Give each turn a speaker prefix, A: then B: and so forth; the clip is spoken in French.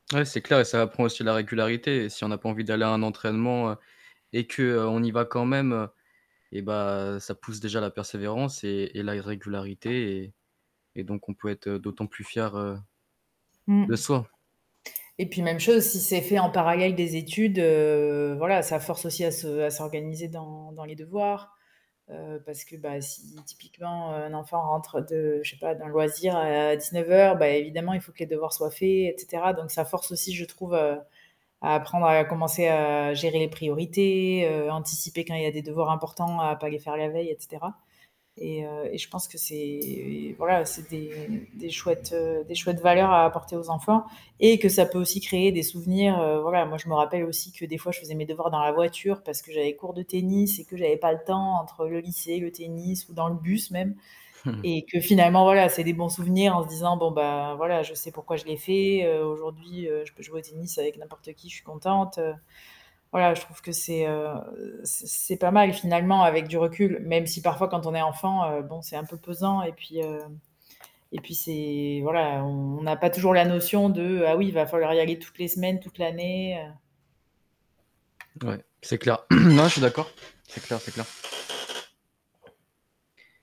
A: Ouais, c'est clair et ça apprend aussi la régularité et si on n'a pas envie d'aller à un entraînement et qu'on y va quand même, eh bah, ça pousse déjà à la persévérance et et la régularité et et donc, on peut être, heu, d'autant plus fier, heu,
B: Mmh.
A: de soi.
B: Et puis même chose, si c'est fait en parallèle des études, heu, voilà, ça force aussi à se à s'organiser dans dans les devoirs, heu, parce que, bah, si typiquement un enfant rentre de je sais pas, d'un loisir à 19:00, bah, évidemment il faut que les devoirs soient faits, et cetera, donc ça force aussi, je trouve, heu, à apprendre à commencer à gérer les priorités, heu, anticiper quand il y a des devoirs importants, à pas les faire la veille, et cetera et heu, et je pense que c'est voilà, c'est des des chouettes, heu, des chouettes valeurs à apporter aux enfants et que ça peut aussi créer des souvenirs, heu, voilà. Moi, je me rappelle aussi que des fois, je faisais mes devoirs dans la voiture parce que j'avais cours de tennis et que j'avais pas le temps entre le lycée, le tennis ou dans le bus même et que, finalement, voilà, c'est des bons souvenirs en se disant: «Bon, ben, voilà, je sais pourquoi je l'ai fait». Heu, aujourd'hui, heu, je peux jouer au tennis avec n'importe qui, je suis contente, heu, voilà, je trouve que c'est, heu, c'est c'est pas mal, finalement, avec du recul, même si parfois quand on est enfant, heu, bon, c'est un peu pesant et puis, heu et puis c'est voilà, on n'a pas toujours la notion de: «Ah oui, il va falloir y aller toutes les semaines, toute l'année».
A: Ouais, c'est clair. Non, je suis d'accord. C'est clair, c'est clair!